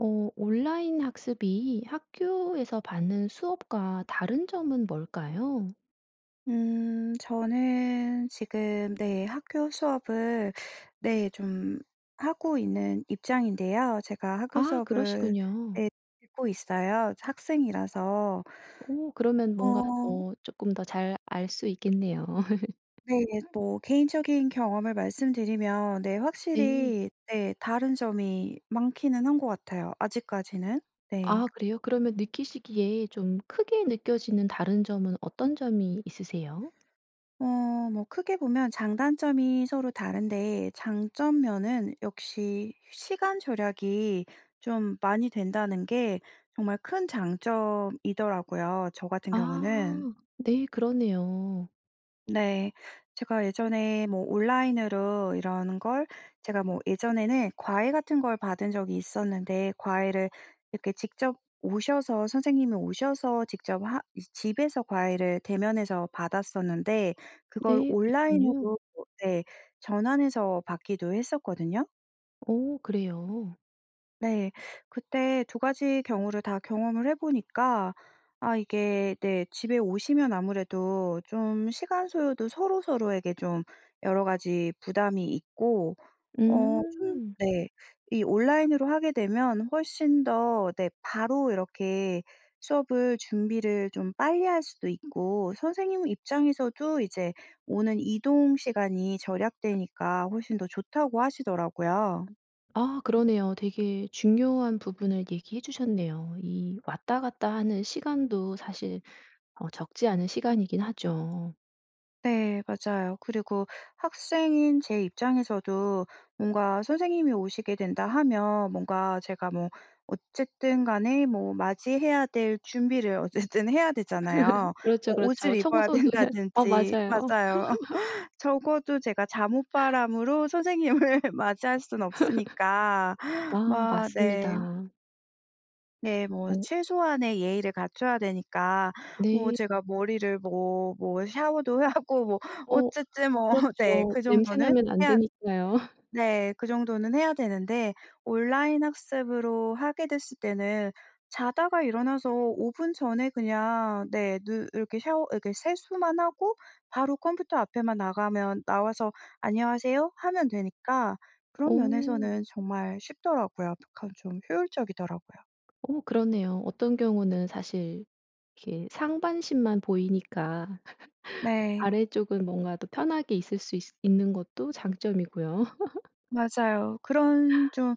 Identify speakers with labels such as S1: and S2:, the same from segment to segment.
S1: 어 온라인 학습이 학교에서 받는 수업과 다른 점은 뭘까요?
S2: 음 저는 지금 네 학교 수업을 네 좀 하고 있는 입장인데요. 제가 학교
S1: 아
S2: 수업을
S1: 그러시군요.
S2: 네 듣고 있어요 학생이라서.
S1: 오 그러면 뭔가
S2: 어
S1: 어 쪼끔 더 잘 알 수 있겠네요.
S2: 네. 뭐 개인적인 경험을 말씀드리면 네
S1: 네.
S2: 확실히 네 다른 점이 많기는 한 것 같아요 아직까지는. 네.
S1: 아 그래요? 그러면 느끼시기에 좀 크게 느껴지는 다른 점은 어떤 점이 있으세요?
S2: 어 뭐 크게 보면 장단점이 서로 다른데 장점 면은 역시 시간 절약이 좀 많이 된다는 게 정말 큰 장점이더라고요 저 같은 경우는.
S1: 아 네 그러네요.
S2: 네. 제가 예전에 뭐 온라인으로 이런 걸 제가 뭐 예전에는 과외 같은 걸 받은 적이 있었는데 과외를 이렇게 직접 오셔서 선생님이 오셔서 직접 하 이제 집에서 과외를 대면해서 받았었는데 그걸
S1: 네 그랬군요.
S2: 온라인으로 네 전환해서 받기도 했었거든요.
S1: 오 그래요?
S2: 네. 그때 2 가지 경우를 다 경험을 해 보니까 아 이게 네 집에 오시면 아무래도 좀 시간 소요도 서로 서로에게 좀 여러 가지 부담이 있고 어 좀
S1: 음.
S2: 네 이 온라인으로 하게 되면 훨씬 더 네 바로 이렇게 수업을 준비를 좀 빨리 할 수도 있고 선생님 입장에서도 이제 오는 이동 시간이 절약되니까 훨씬 더 좋다고 하시더라고요.
S1: 아 그러네요. 되게 중요한 부분을 얘기해 주셨네요. 이 왔다 갔다 하는 시간도 사실 어 적지 않은 시간이긴 하죠.
S2: 네. 맞아요. 그리고 학생인 제 입장에서도 뭔가 선생님이 오시게 된다 하면 뭔가 제가 뭐 어쨌든 간에 뭐 맞이해야 될 준비를 어쨌든 해야 되잖아요.
S1: 그렇죠
S2: 오 옷을
S1: 그렇죠.
S2: 입어야
S1: 청소도 해야 어
S2: 된다든지.
S1: 맞아요.
S2: 맞아요. 적어도 제가 잠옷 바람으로 선생님을 맞이할 순 없으니까.
S1: 아
S2: 마 네.
S1: 맞습니다.
S2: 네 뭐
S1: 어.
S2: 최소한의 예의를 갖춰야 되니까 뭐
S1: 네.
S2: 제가 머리를 뭐 뭐 샤워도 하고 뭐
S1: 어.
S2: 어쨌든 뭐 네
S1: 그렇죠.
S2: 그
S1: 냄새
S2: 정도는
S1: 나면 안
S2: 해야
S1: 되니까요.
S2: 네 그 정도는 해야 되는데 온라인 학습으로 하게 됐을 때는 자다가 일어나서 5 분 전에 그냥 네 누 이렇게 샤워 이렇게 세수만 하고 바로 컴퓨터 앞에만 나가면 나와서 "안녕하세요." 하면 되니까 그런
S1: 어.
S2: 면에서는 정말 쉽더라고요. 그러니까 좀 효율적이더라고요.
S1: 어머 그러네요. 어떤 경우는 사실 이게 상반신만 보이니까
S2: 네.
S1: 아래쪽은 뭔가 더 편하게 있을 수 있 있는 것도 장점이고요.
S2: 맞아요. 그런 좀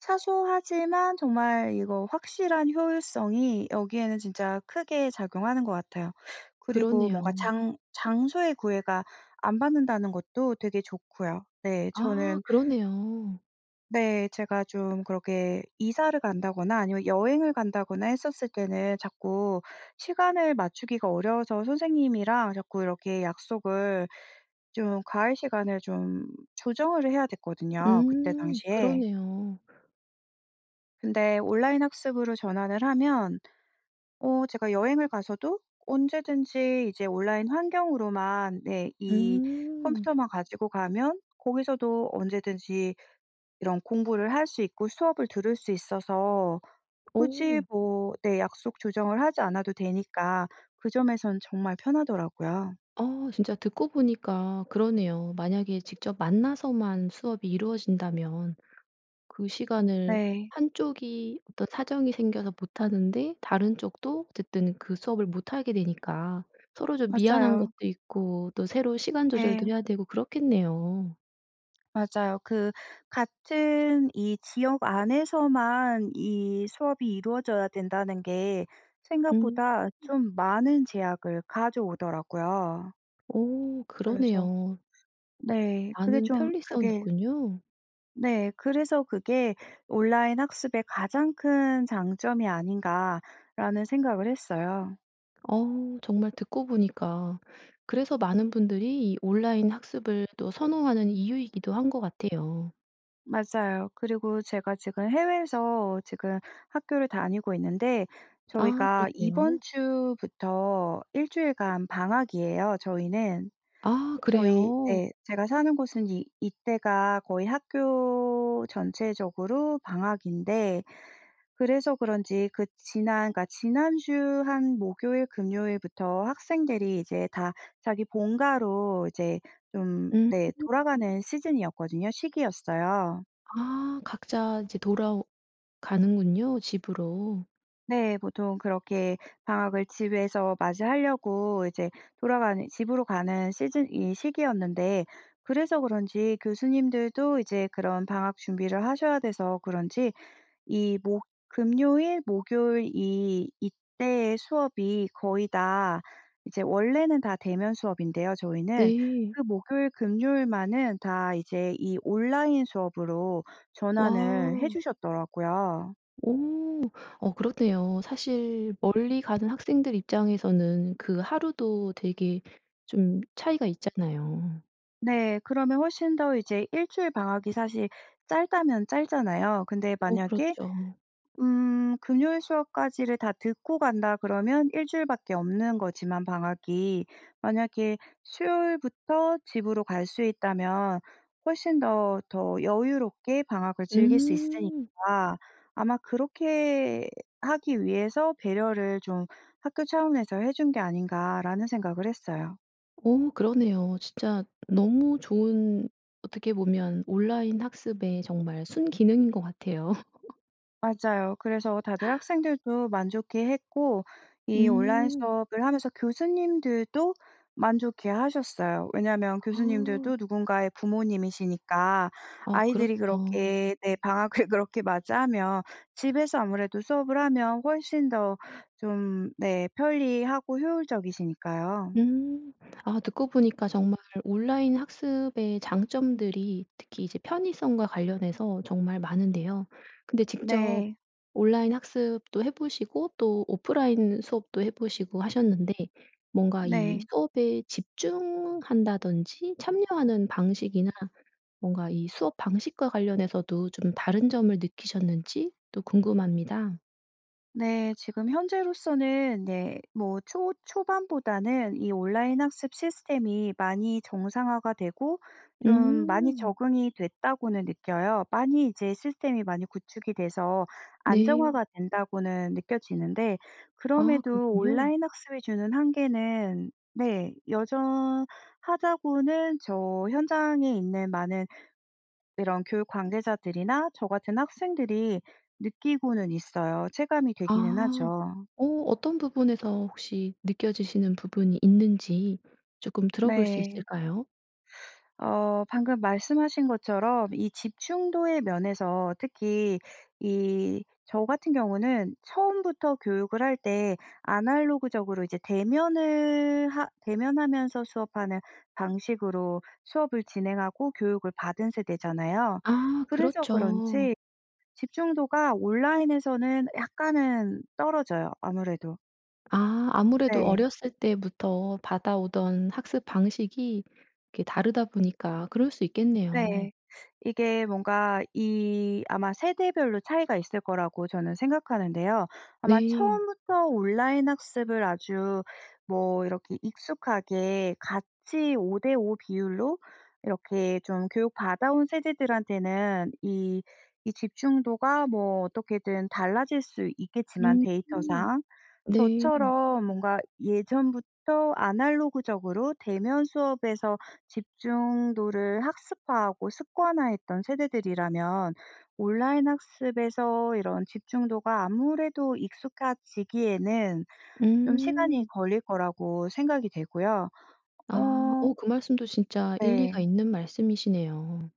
S2: 사소하지만 정말 이거 확실한 효율성이 여기에는 진짜 크게 작용하는 것 같아요. 그리고 뭔가
S1: 그러네요.
S2: 장 장소의 구애가 안 받는다는 것도 되게 좋고요. 네.
S1: 아
S2: 저는
S1: 그러네요.
S2: 네. 제가 좀 그렇게 이사를 간다거나 아니면 여행을 간다거나 했었을 때는 자꾸 시간을 맞추기가 어려워서 선생님이랑 자꾸 이렇게 약속을 좀 과외 시간을 좀 조정을 해야 됐거든요 그때
S1: 음
S2: 당시에.
S1: 그러네요.
S2: 근데 온라인 학습으로 전환을 하면 어 제가 여행을 가서도 언제든지 이제 온라인 환경으로만 네 이
S1: 음.
S2: 컴퓨터만 가지고 가면 거기서도 언제든지 이런 공부를 할 수 있고 수업을 들을 수 있어서 굳이
S1: 오우.
S2: 뭐 네 약속 조정을 하지 않아도 되니까 그 점에선 정말 편하더라고요.
S1: 어 진짜 듣고 보니까 그러네요. 만약에 직접 만나서만 수업이 이루어진다면 그 시간을
S2: 네.
S1: 한쪽이 어떤 사정이 생겨서 못 하는데 다른 쪽도 어쨌든 그 수업을 못 하게 되니까 서로 좀 미안한 것도
S2: 맞아요.
S1: 있고 또 새로 시간 조절도
S2: 네.
S1: 해야 되고 그렇겠네요.
S2: 맞아요. 그 같은 이 지역 안에서만 이 수업이 이루어져야 된다는 게
S1: 음.
S2: 생각보다 좀 많은 제약을 가져오더라고요.
S1: 오
S2: 그래서
S1: 그러네요.
S2: 네 그게
S1: 많은
S2: 좀
S1: 편리성이
S2: 그게
S1: 있군요.
S2: 네. 그래서 '그게 온라인 학습의 가장 큰 장점이 아닌가.'라는 생각을 했어요.
S1: 어 정말 듣고 보니까. 그래서 많은 분들이 이 온라인 학습을 또 선호하는 이유이기도 한 것 같아요.
S2: 맞아요. 그리고 제가 지금 해외에서 지금 학교를 다니고 있는데
S1: 아
S2: 저희가 이번
S1: 그러세요?
S2: 주부터 1 주일간 방학이에요 저희는.
S1: 아
S2: 저희
S1: 그래요?
S2: 네 제가 사는 곳은 이 이때가 거의 학교 전체적으로 방학인데 그래서 그런지 그 지난 그러니까 지난주 한 목요일, 금요일부터 학생들이 이제 다 자기 본가로 이제 좀
S1: 음.
S2: 네 돌아가는 시즌이었거든요 시기였어요.
S1: 아 각자 이제 돌아오 가는군요 집으로.
S2: 네. 보통 그렇게 방학을 집에서 맞이하려고 이제 돌아가는 집으로 가는 시즌 이 시기였는데 그래서 그런지 교수님들도 이제 그런 방학 준비를 하셔야 돼서 그런지 이 목 금요일, 목요일 이 이때 수업이 거의 다 이제 원래는 다 대면 수업인데요 저희는.
S1: 네.
S2: 그 목요일, 금요일만은 다 이제 이 온라인 수업으로 전환을 해
S1: 와.
S2: 주셨더라고요.
S1: 오. 어 그렇네요. 사실 멀리 가는 학생들 입장에서는 그 하루도 되게 좀 차이가 있잖아요.
S2: 네. 그러면 훨씬 더 이제 1 주일 방학이 사실 짧다면 짧잖아요. 근데
S1: 어
S2: 만약에
S1: 그렇죠.
S2: 음 금요일 수업까지를 다 듣고 간다 그러면 1 주일밖에 없는 거지만 방학이. 만약에 수요일부터 집으로 갈 수 있다면 훨씬 더 더 여유롭게 방학을 즐길 수
S1: 음.
S2: 있으니까 '아마 그렇게 하기 위해서 배려를 좀 학교 차원에서 해 준 게 아닌가.'라는 생각을 했어요.
S1: 오 그러네요. 진짜 너무 좋은 어떻게 보면 온라인 학습의 정말 순기능인 것 같아요.
S2: 맞아요. 그래서 다들 학생들도 만족해했고 이 온라인
S1: 음.
S2: 수업을 하면서 교수님들도 만족해하셨어요. 왜냐하면
S1: 어.
S2: 교수님들도 누군가의 부모님이시니까
S1: 어.
S2: 아이들이
S1: 그렇죠.
S2: 그렇게 네 방학을 그렇게 맞이하면 집에서 아무래도 수업을 하면 훨씬 더 좀 네 편리하고 효율적이시니까요.
S1: 음. 아 듣고 보니까 정말 온라인 학습의 장점들이 특히 이제 편의성과 관련해서 정말 많은데요. 근데 직접
S2: 네.
S1: 온라인 학습도 해 보시고 또 오프라인 수업도 해 보시고 하셨는데 뭔가 이
S2: 네.
S1: 수업에 집중한다든지 참여하는 방식이나 뭔가 이 수업 방식과 관련해서도 좀 다른 점을 느끼셨는지도 궁금합니다.
S2: 네. 지금 현재로서는 네 뭐 초 초반보다는 이 온라인 학습 시스템이 많이 정상화가 되고 좀 많이
S1: 음.
S2: 적응이 됐다고는 느껴요. 많이 이제 시스템이 많이 구축이 돼서
S1: 네.
S2: 안정화가 된다고는 느껴지는데
S1: 아.
S2: 그럼에도
S1: 그렇군요.
S2: 온라인 학습이 주는 한계는 네 여전하다고는 저 현장에 있는 많은 이런 교육 관계자들이나 저 같은 학생들이 느끼고는 있어요. 체감이 되기는
S1: 아.
S2: 하죠.
S1: 어 어떤 부분에서 혹시 느껴지시는 부분이 있는지 쪼끔 들어볼 수
S2: 네.
S1: 있을까요?
S2: 어 방금 말씀하신 것처럼 이 집중도의 면에서 특히 이 저 같은 경우는 처음부터 교육을 할 때 아날로그적으로 이제 대면을 하 대면하면서 수업 하는 방식으로 수업을 진행하고 교육을 받은 세대잖아요.
S1: 아.
S2: 그래서
S1: 그렇죠.
S2: 그런지 집중도가 온라인에서는 약간은 떨어져요 아무래도.
S1: 아. 아무래도
S2: 네.
S1: 어렸을 때부터 받아오던 학습 방식이 이렇게 다르다 보니까 그럴 수 있겠네요.
S2: 네. 이게 뭔가 이 아마 세대별로 차이가 있을 거라고 저는 생각하는데요. 아마
S1: 네.
S2: 처음부터 온라인 학습을 아주 뭐 이렇게 익숙하게 같이 5 대 5 비율로 이렇게 좀 교육 받아 온 세대들한테는 이, 이 집중도가 뭐 어떻게든 달라질 수 있겠지만
S1: 음.
S2: 데이터상.
S1: 네.
S2: 저처럼 뭔가 예전부터 아날로그적으로 대면 수업에서 집중도를 학습화하고 습관화했던 세대들이라면 온라인 학습에서 이런 집중도가 아무래도 익숙해지기에는 좀 시간이
S1: 음.
S2: 걸릴 거라고 생각이 되고요.
S1: 아.
S2: 어.
S1: 오 그 말씀도 진짜 일리가
S2: 네.
S1: 있는 말씀이시네요.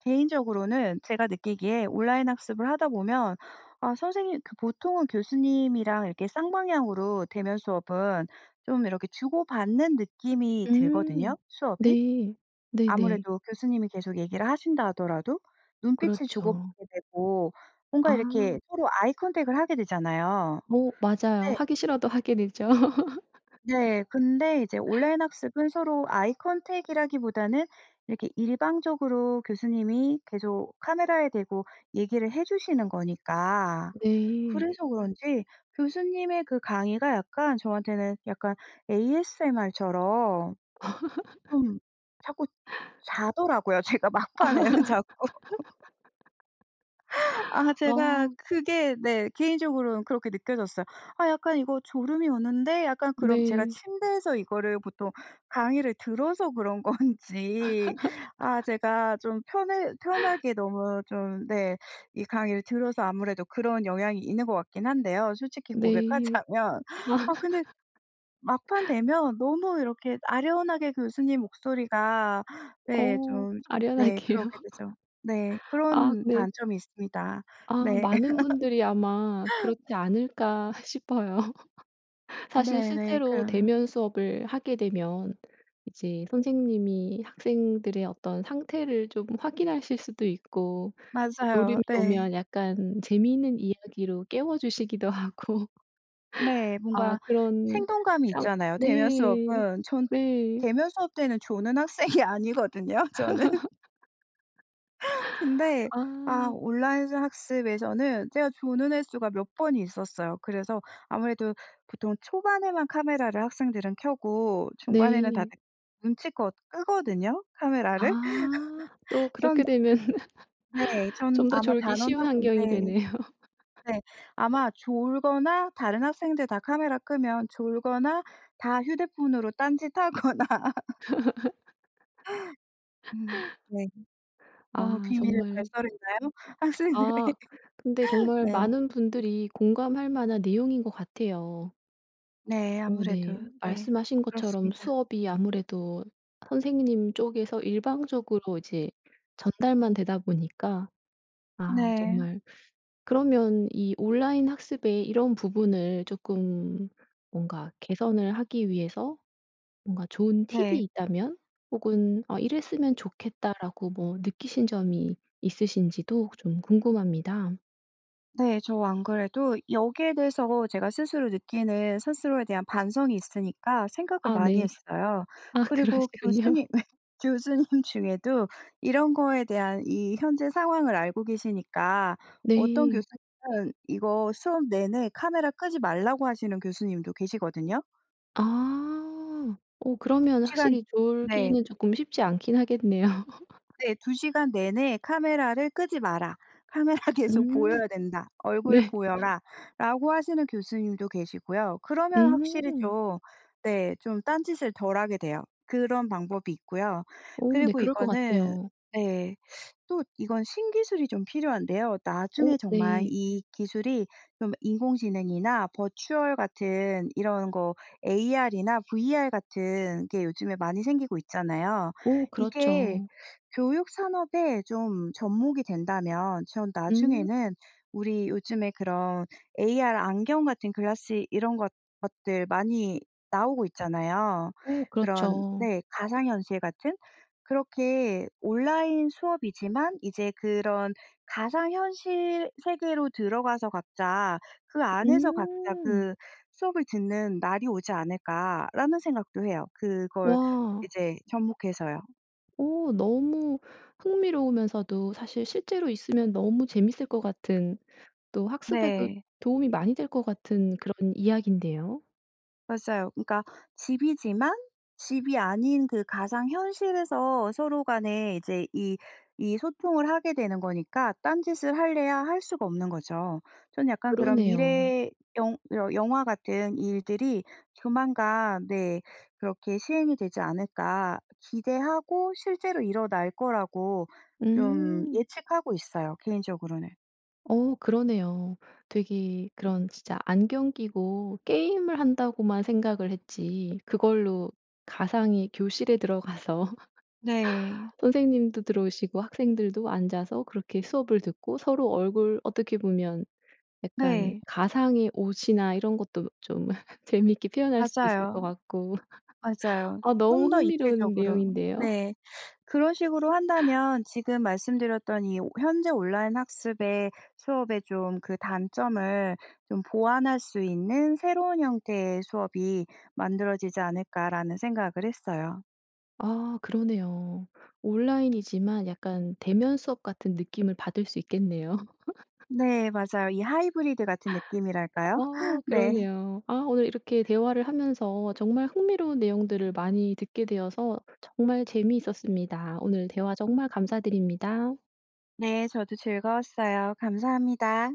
S2: 개인적으로는 제가 느끼기에 온라인 학습을 하다 보면 아 선생님 그 보통은 교수님이랑 이렇게 쌍방향으로 대면 수업은 좀 이렇게 주고받는 느낌이
S1: 음.
S2: 들거든요, 수업이.
S1: 네. 네네.
S2: 아무래도 교수님이 계속 얘기를 하신다 하더라도 눈빛을
S1: 그렇죠.
S2: 주고받게 되고 뭔가 이렇게
S1: 아.
S2: 서로 아이컨택을 하게 되잖아요.
S1: 어. 맞아요.
S2: 네.
S1: 하기 싫어도 하게 되죠.
S2: 네. 근데 이제 온라인 학습은 서로 아이컨택이라기보다는 이렇게 일방적으로 교수님이 계속 카메라에 대고 얘기를 해 주시는 거니까
S1: 네.
S2: 그래서 그런지 교수님의 그 강의가 약간 저한테는 약간 ASMR처럼. 좀 자꾸 자더라고요, 제가 막판에는 자꾸. 아 제가
S1: 아.
S2: 그게 네 개인적으로는 그렇게 느껴졌어요. '아. 약간 이거 졸음이 오는데, 약간.' 그럼 제가
S1: 네.
S2: 침대에서 이거를 보통 강의를 들어서 그런 건지. 아. 제가 좀 편해 편하게 너무 좀 네 이 강의를 들어서 아무래도 그런 영향이 있는 것 같긴 한데요, 솔직히
S1: 네.
S2: 고백하자면.
S1: 아.
S2: 아. 근데 막판 되면 너무 이렇게 아련하게 교수님 목소리가 네
S1: 어.
S2: 좀 네
S1: 아련하게요.
S2: 그렇게 되죠. 네.
S1: 아
S2: 그런
S1: 네.
S2: 단점이 있습니다.
S1: 아.
S2: 네.
S1: 많은 분들이 아마 그렇지 않을까 싶어요. 사실
S2: 네네.
S1: 실제로
S2: 그런.
S1: 대면 수업을 하게 되면 이제 선생님이 학생들의 어떤 상태를 좀 확인하실 수도 있고
S2: 맞아요.
S1: 졸음이
S2: 네.
S1: 오면 약간 재미있는 이야기로 깨워주시기도 하고.
S2: 네.
S1: 아
S2: 뭔가
S1: 그런
S2: 생동감이
S1: 상
S2: 있잖아요, 대면
S1: 네.
S2: 수업은. 전
S1: 네.
S2: 대면 수업 때는 조는 학생이 아니거든요, 저는. 근데 아
S1: 아.
S2: 온라인 수 학습에서는 제가 조는 횟수가 몇 번 있었어요. 그래서 아무래도 보통 초반에만 카메라를 학생들은 켜고 중반에는
S1: 네.
S2: 다들 눈치껏 끄거든요, 카메라를.
S1: 아. 또 그렇게
S2: 전
S1: 되면
S2: 네. 전
S1: 좀 더
S2: 아마
S1: 졸기 쉬운 환경이
S2: 단언하건데
S1: 되네요.
S2: 네. 아마 졸거나 다른 학생들 다 카메라 끄면 졸거나 다 휴대폰으로 딴짓하거나. 으 네. 너무
S1: 아.
S2: 비밀을
S1: 정말
S2: 발설했나요, 학생들의?
S1: 아. 근데 정말
S2: 네.
S1: 많은 분들이 공감할 만한 내용인 것 같아요.
S2: 네.
S1: 어 네.
S2: 아무래도. 네.
S1: 말씀하신 것처럼
S2: 그렇습니다.
S1: 수업이 아무래도 선생님 쪽에서 일방적으로 이제 전달만 되다 보니까 아
S2: 네.
S1: 정말. 그러면 이 온라인 학습에 이런 부분을 쪼끔 뭔가 개선을 하기 위해서 뭔가 좋은 팁이
S2: 네.
S1: 있다면 혹은 '아. 이랬으면 좋겠다.'라고 뭐 느끼신 점이 있으신지도 좀 궁금합니다.
S2: 네. 저 안 그래도 여기에 대해서 제가 스스로 느끼는 스스로에 대한 반성이 있으니까 생각을
S1: 아
S2: 많이
S1: 네.
S2: 했어요.
S1: 아
S2: 그리고
S1: 그러시군요.
S2: 교수님 교수님 중에도 이런 거에 대한 이 현재 상황을 알고 계시니까 어떤
S1: 네.
S2: 교수님은 이거 수업 내내 카메라 끄지 말라고 하시는 교수님도 계시거든요.
S1: 아. 오.
S2: 2
S1: 그러면
S2: 시간
S1: 확실히
S2: 네.
S1: 졸기는 쪼끔 쉽지 않긴 하겠네요.
S2: 네. "2 시간 내내 카메라를 끄지 마라. 카메라 계속
S1: 음.
S2: 보여야 된다. 얼굴
S1: 네.
S2: 보여라."라고 하시는 교수님도 계시고요. 그러면 확실히
S1: 음.
S2: 좀 네 좀 딴짓을 덜 하게 돼요. 그런 방법이 있고요.
S1: 어 네.
S2: 그리고
S1: 그럴 것
S2: 이거는
S1: 같아요.
S2: 네 또 이건 신기술이 좀 필요한데요. 나중에
S1: 오.
S2: 정말
S1: 네.
S2: 이 기술이 좀 인공지능이나 버추얼 같은 이런 거 AR이나 VR 같은 게 요즘에 많이 생기고 있잖아요.
S1: 오.
S2: 이게
S1: 그렇죠.
S2: 교육 산업에 좀 접목이 된다면 전
S1: 음.
S2: 나중에는 우리 요즘에 그런 AR 안경 같은 글라스 이런 것 것들 많이 나오고 있잖아요.
S1: 오.
S2: 그런
S1: 그렇죠.
S2: 네 가상현실 같은. 그렇게 '온라인 수업이지만 이제 그런 가상현실 세계로 들어가서 각자 그 안에서 각자
S1: 음.
S2: 그 수업을 듣는 날이 오지 않을까?'라는 생각도 해요. 그걸
S1: 와.
S2: 이제 접목해서요.
S1: 오 너무 흥미로우면서도 사실 실제로 있으면 너무 재밌을 것 같은 또 학습에도
S2: 네.
S1: 도움이 많이 될 것 같은 그런 이야기인데요.
S2: 맞아요. 그러니까 집이지만 집이 아닌 그 가상현실에서 서로 간에 이제 이 이 소통을 하게 되는 거니까 딴 짓을 하려야 할 수가 없는 거죠. 전 약간 그런
S1: 그러네요.
S2: '미래 영 영 영화 같은 일들이 조만간 네 그렇게 시행이 되지 않을까.' 기대하고 실제로 일어날 거라고 좀
S1: 음.
S2: 예측하고 있어요 개인적으로는.
S1: 어 그러네요. 되게 그런 진짜 안경 끼고 게임을 한다고만 생각을 했지 그걸로 가상의 교실에 들어가서
S2: 네.
S1: 선생님도 들어오시고 학생들도 앉아서 그렇게 수업을 듣고 서로 얼굴 어떻게 보면 약간
S2: 네.
S1: 가상의 옷이나 이런 것도 좀 재미있게 표현할 수 있을
S2: 맞아요.
S1: 것 같고.
S2: 맞아요.
S1: 아 너무
S2: 좀 더
S1: 흥미로운
S2: 입체적으로.
S1: 내용인데요?
S2: 네. 그런 식으로 한다면 지금 말씀드렸던 이 '현재 온라인 학습의 수업의 좀 그 단점을 좀 보완할 수 있는 새로운 형태의 수업이 만들어지지 않을까?'라는 생각을 했어요.
S1: 아 그러네요. 온라인이지만 약간 대면 수업 같은 느낌을 받을 수 있겠네요.
S2: 네 맞아요. 이 하이브리드 같은 느낌이랄까요?
S1: 어
S2: 네.
S1: 그러네요. 아 오늘 이렇게 대화를 하면서 정말 흥미로운 내용들을 많이 듣게 되어서 정말 재미있었습니다. 오늘 대화 정말 감사드립니다.
S2: 네. 저도 즐거웠어요. 감사합니다.